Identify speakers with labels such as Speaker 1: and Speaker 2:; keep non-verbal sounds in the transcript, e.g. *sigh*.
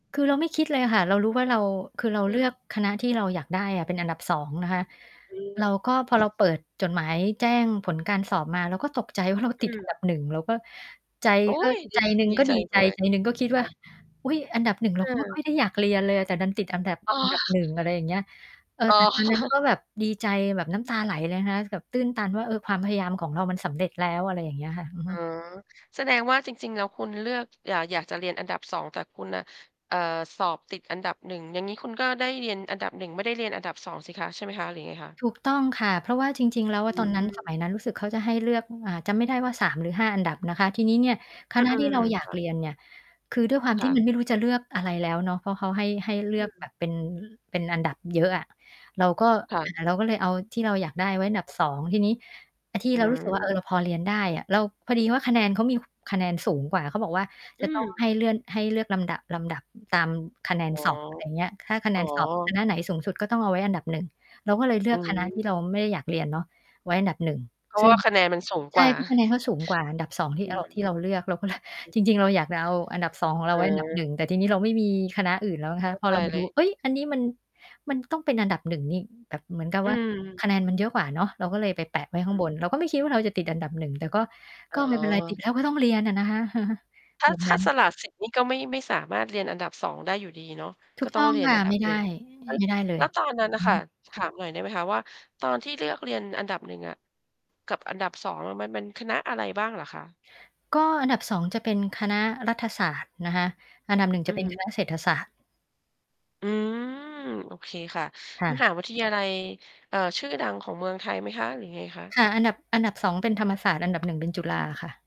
Speaker 1: คือเราไม่คิดเลยอะค่ะ เรารู้ว่าเรา คือเ
Speaker 2: อ
Speaker 1: รา
Speaker 2: ื
Speaker 1: เลือ
Speaker 2: ม
Speaker 1: กคณะที่เราอยากได้อะเป็นอันดับ 2 นะคะ
Speaker 2: อื
Speaker 1: เรา ก็พอเ
Speaker 2: ม
Speaker 1: รา เปิดจดหมายแจ้งผลการสอบมา เราก็ตกใจว่า เรา
Speaker 2: อ
Speaker 1: ต
Speaker 2: ื
Speaker 1: ิด
Speaker 2: ม
Speaker 1: อันดับ 1 เราก็ ใจ
Speaker 2: โอ๊
Speaker 1: ก็
Speaker 2: ย ด
Speaker 1: ใจ
Speaker 2: ี
Speaker 1: หนึ่ง
Speaker 2: ดี
Speaker 1: ก็
Speaker 2: ใจ
Speaker 1: ดี
Speaker 2: ด
Speaker 1: ใจ
Speaker 2: ้วย
Speaker 1: ใจหนึ่งก็คิด
Speaker 2: ค
Speaker 1: ว
Speaker 2: ่
Speaker 1: ่า
Speaker 2: ะ
Speaker 1: อุ๊ย อันดับ 1 เร
Speaker 2: เ
Speaker 1: าก็ไม่ ค่อ
Speaker 2: ออ
Speaker 1: ย ได้อยากเรียนเลยอะ แต่ดันติดอันดับ
Speaker 2: อ๋
Speaker 1: อันดับ
Speaker 2: อ
Speaker 1: 1 อะไรอย่างเงี้ย เออ
Speaker 2: อ๋
Speaker 1: แต
Speaker 2: อ
Speaker 1: ่ ตอนนั้น ก็
Speaker 2: *chuckles*
Speaker 1: แบบดีใจแบบน้ำตาไหลเลยนะคะ แบบตื้นตันว่า เออ ความพยายามของเรามันสำเร็จแล้ว อะไรอย่างเงี้ยค่ะ อือ
Speaker 2: อ
Speaker 1: ฮ
Speaker 2: ๋อ
Speaker 1: ึ
Speaker 2: แสดงว่า จริง ๆ แล้วคุณเลือก อยาก อยากจะเรียนอันดับ 2 แต่คุณน่ะ เอ่อ สอบติดอันดับ 1 อย่างงี้คุณก็ได้เรียนอันดับ 1 ไม่ได้เรียนอันดับ 2 สิคะ ใช่ไหมคะ หรือยังไงคะ?
Speaker 1: ถูกต้องค่ะ เพราะว่าจริง ๆ แล้วอ
Speaker 2: อื
Speaker 1: ะตอนนั้น ส
Speaker 2: ม
Speaker 1: มัยนั้นรู้สึกเขาจะให้เลือก อ่า จำไม่ได้ว่า 3 หรือ 5 อันดับนะคะ ทีนี้เนี่ย ค
Speaker 2: อื
Speaker 1: ณะ ที่เ
Speaker 2: อ
Speaker 1: ราอย
Speaker 2: ๆ
Speaker 1: า
Speaker 2: ค
Speaker 1: ก
Speaker 2: ่
Speaker 1: เ
Speaker 2: ะ
Speaker 1: รียนเนี่ย คือด้วยความ
Speaker 2: ค
Speaker 1: ท
Speaker 2: ่
Speaker 1: ี่ มั
Speaker 2: ะ
Speaker 1: น ไม่รู้จะเลือกอะไรแล้วเนาะ เพราะเขาให้ ให้เล
Speaker 2: อ
Speaker 1: ื
Speaker 2: ื
Speaker 1: อก
Speaker 2: ม
Speaker 1: แบบเป็น เป็นอันดับเยอะอะ เราก็
Speaker 2: ค่
Speaker 1: อ่
Speaker 2: ะ
Speaker 1: า เราก็เลยเอาที่เราอยากได้ไว้อันดับ 2 ทีนี้ อา ที่
Speaker 2: อื
Speaker 1: เรา รู้สึกว่า เอ
Speaker 2: ม
Speaker 1: อ เราพอเรียนได้อะ เรา พอดีว่าคะแนนเขามี ค คะแนนสูงกว่า เขาบอกว่า
Speaker 2: อื
Speaker 1: จะ ต้อง ให
Speaker 2: ม
Speaker 1: ้เลื่อน ให้เลือกลำดับ ลำดับตามคะแนน
Speaker 2: อ๋อ
Speaker 1: สอบ อะไรเงี้ย ถ้าคะแน
Speaker 2: อ๋อ
Speaker 1: นสอบคณะไหนสูงสุดก็ต้องเอาไว้อันดับ 1 เราก็เลยเลื
Speaker 2: อื
Speaker 1: อกคณะที
Speaker 2: ม
Speaker 1: ่เราไม่ได้อยากเรียนเนาะไว้อันดับ 1
Speaker 2: เพรา
Speaker 1: ซ
Speaker 2: ะ
Speaker 1: ึ
Speaker 2: ว
Speaker 1: ่
Speaker 2: ่
Speaker 1: ง
Speaker 2: าคะแนนมันสูง
Speaker 1: ใช
Speaker 2: กว
Speaker 1: ่
Speaker 2: ่า
Speaker 1: เพราะคะแนนก็สูงกว่าอันดับ 2 ที่
Speaker 2: อื
Speaker 1: เอา ท
Speaker 2: ม
Speaker 1: ี่เราเลือก เราก็เลย *chuckles* จริง ๆ เราอยากจะเอาอันดับ 2 ของเร
Speaker 2: อ
Speaker 1: า
Speaker 2: ื
Speaker 1: ไว้ อันดับ ห
Speaker 2: อ
Speaker 1: นึ่ง แต่ทีนี้เราไม่มีคณะอื่นแล้วนะคะ
Speaker 2: เข้า
Speaker 1: พอ
Speaker 2: ใจ
Speaker 1: เรามา
Speaker 2: เ
Speaker 1: ด
Speaker 2: ล
Speaker 1: ู
Speaker 2: ย
Speaker 1: เฮ่ย อันนี้มัน มันต้องเป็นอันดับ 1 นี่ แบบเหมือนกับ
Speaker 2: อื
Speaker 1: ว่า
Speaker 2: ม
Speaker 1: คะแนนมันเยอะกว่าเนาะ เราก็เลยไปแปะไว
Speaker 2: อ
Speaker 1: ้
Speaker 2: ื
Speaker 1: ข้าง
Speaker 2: อ
Speaker 1: บ
Speaker 2: ฮ
Speaker 1: น
Speaker 2: ึ
Speaker 1: เราก็ไม่คิดว่า เราจะติดอันดับ 1 แต่ก็
Speaker 2: อ
Speaker 1: ก
Speaker 2: ๋
Speaker 1: ็ไม่เป็นไร ติด
Speaker 2: อ
Speaker 1: แล้วก็ต้องเรียนอะนะคะ *chuckles*
Speaker 2: ถ้า
Speaker 1: แบบ
Speaker 2: ถ
Speaker 1: น
Speaker 2: ้า
Speaker 1: ั้น
Speaker 2: สละสิทธิ์นี่ก็ไม่ ไม่สามารถเรียนอันดับ 2 ได้อยู่ดีเนาะ
Speaker 1: ถ
Speaker 2: ก
Speaker 1: ู
Speaker 2: ็
Speaker 1: ก
Speaker 2: ต้
Speaker 1: ต
Speaker 2: อ
Speaker 1: ้
Speaker 2: ง
Speaker 1: อง
Speaker 2: เรียน
Speaker 1: ค่
Speaker 2: อ
Speaker 1: ะ
Speaker 2: ันดั
Speaker 1: ไม
Speaker 2: บ
Speaker 1: ่ไ
Speaker 2: หน
Speaker 1: ด
Speaker 2: ึ่ง
Speaker 1: ้
Speaker 2: ล
Speaker 1: ไม่ได้เล
Speaker 2: แล้
Speaker 1: ย
Speaker 2: วตอนนั้นน่
Speaker 1: อ
Speaker 2: ะ
Speaker 1: ือ
Speaker 2: ค่ะ
Speaker 1: ฮึ
Speaker 2: ถามหน่อยได้ไหมคะว่า ตอนที่เลือกเรียนอันดับ 1 อะ กับอันดับ 2 เออ มัน มันคณะอะไรบ้างเหรอคะ?
Speaker 1: ก็อันดับ 2 จะเป็นคณะรัฐศาสตร์นะคะ อันดับ 1
Speaker 2: อ
Speaker 1: จ
Speaker 2: ื
Speaker 1: ะเ
Speaker 2: อ
Speaker 1: ป็น
Speaker 2: ฮึ
Speaker 1: คณะ เศรษฐศาสตร์
Speaker 2: อืม โอเคค่ะ
Speaker 1: ค่
Speaker 2: ม
Speaker 1: ะ
Speaker 2: หาวิทยาลัย เอ่อ ชื่อดังของเมืองไทยไหมคะ หรือยังไงคะ?
Speaker 1: ค่ะ อันดับ อันดับ 2 เป็นธรรมศาสตร์ อันดับ 1 เป็นจุฬาค่ะ